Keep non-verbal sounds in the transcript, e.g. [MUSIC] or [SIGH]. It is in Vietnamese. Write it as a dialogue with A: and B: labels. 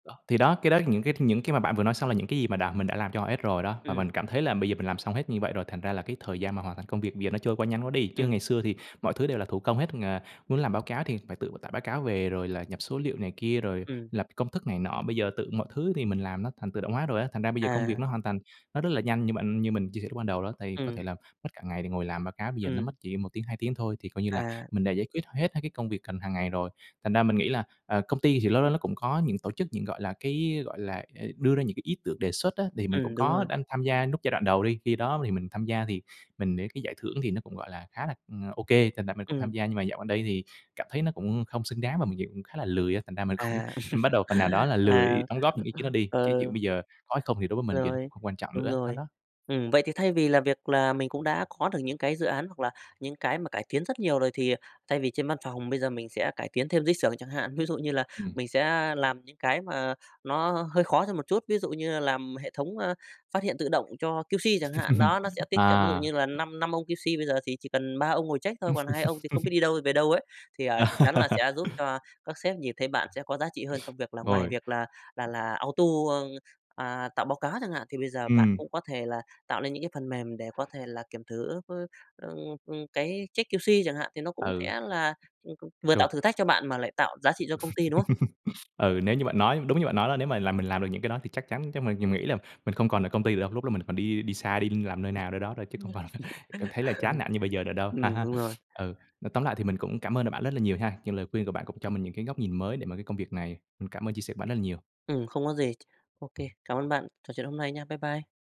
A: Đó. Thì đó, cái đó là những cái những cái mà bạn vừa nói xong là những cái gì mà đã mình đã làm cho họ hết rồi đó. Và
B: Ừm.
A: mình cảm thấy là bây giờ mình làm xong hết như vậy rồi, thành ra là cái thời gian mà hoàn thành công việc giờ nó trôi qua nhanh quá đi. Chứ
B: Ừm.
A: ngày xưa thì mọi thứ đều là thủ công hết ngà, muốn làm báo cáo thì phải tự tải báo cáo về rồi là nhập số liệu này kia, rồi
B: Ừm.
A: lập công thức này nọ. Bây giờ tự mọi thứ thì mình làm nó thành tự động hóa rồi á, thành ra bây giờ công việc
B: À.
A: nó hoàn thành nó rất là nhanh. Như bạn như mình chia sẻ lúc ban đầu đó, tại vì có
B: Ừm.
A: thể là mất cả ngày để ngồi làm báo cáo bây giờ nó mất
B: Ừm.
A: chỉ 1 tiếng, 2 tiếng thôi thì coi như là
B: À.
A: mình đã giải quyết hết mấy cái công việc cần hàng ngày rồi. Thành ra mình nghĩ là, ờ, công ty thì lâu lâu nó cũng có những tổ chức những, gọi là, cái, gọi là, ờ, đưa ra những cái ý tưởng đề xuất á. Thì mình cũng
B: Ừm, đúng
A: có
B: rồi.
A: đanh tham gia núc giai đoạn đầu đi. Khi đó thì mình tham gia thì mình để cái giải thưởng thì nó cũng, gọi là, khá là, ừm, OK, thành ra mình cũng tham
B: Ừm.
A: gia, nhưng mà dạo gần đây thì cảm thấy nó cũng không xứng đáng và mình dựng khá là lười á, thành ra mình cũng
B: À.
A: bắt đầu phần nào đó
B: [LAUGHS]
A: là
B: À.
A: lười đóng góp những ý kiến đó
B: [UNINTELLIGIBLE]
A: đi. Cái dụ
B: Ờ.
A: bây giờ có hay không thì đối với mình gờ nó
B: Rồi,
A: cũng quan trọng
B: đúng
A: nữa, nó
B: rồi.
A: đó.
B: Ừm, vậy thì thay vì là việc là mình cũng đã có được những cái dự án hoặc là những cái mà cải tiến rất nhiều rồi thì, ờ, thay vì trên văn phòng bây giờ mình sẽ cải tiến thêm dưới xưởng chẳng hạn. Ví dụ như là
A: Ừm.
B: mình sẽ làm những cái mà nó hơi khó thêm một chút, ví dụ như là làm hệ thống, a, phát hiện tự động cho QC chẳng hạn.
A: [LAUGHS]
B: Đó, nó sẽ tiết kiệm, ví dụ
A: À.
B: như là năm năm ông QC, bây giờ thì chỉ cần 3 ông ngồi check thôi, còn 2 ông thì không biết
A: [LAUGHS]
B: đi đâu về đâu ấy. Thì, à, chắc chắn là
A: À.
B: sẽ giúp
A: [LAUGHS]
B: cho các sếp nhìn thấy bạn sẽ có giá trị hơn trong việc là ngoài việc là là
A: [UNINTELLIGIBLE]
B: là auto ơ, à, tạo báo cáo chẳng hạn, thì bây giờ bạn
A: Ừm.
B: cũng có thể là tạo lên những cái phần mềm để có thể là kiểm thử, [UNINTELLIGIBLE] ưm, ưm, cái check QC chẳng hạn thì nó cũng
A: Ừ.
B: sẽ là, ưm, ưm, vừa tạo
A: Chuột.
B: thử thách cho bạn mà lại tạo giá trị cho công ty, đúng không?
A: [LAUGHS] Ừ, nếu như bạn nói đúng như bạn nói đó, nếu mà làm mình làm được những cái đó thì chắc chắn cái mình mình nghĩ là mình không còn ở công ty được đâu, lúc đó mình còn đi đi xa, đi làm
B: [UNINTELLIGIBLE]
A: nơi nào, nơi đó thôi, chứ không còn ph cảm thấy là chán
B: [LAUGHS]
A: nản như bây giờ nữa đâu. À
B: Ừm,
A: ha,
B: đúng rồi.
A: ừ, nói tóm lại thì mình cũng cảm ơn là bạn rất là nhiều ha, nhưng lời khuyên của bạn cũng cho mình những cái góc nhìn mới để mà cái công việc này, ừm, cảm ơn chia sẻ của bạn rất là nhiều.
B: Ừm, không có gì. OK, cảm ơn bạn trò chuyện hôm nay nha, bye bye.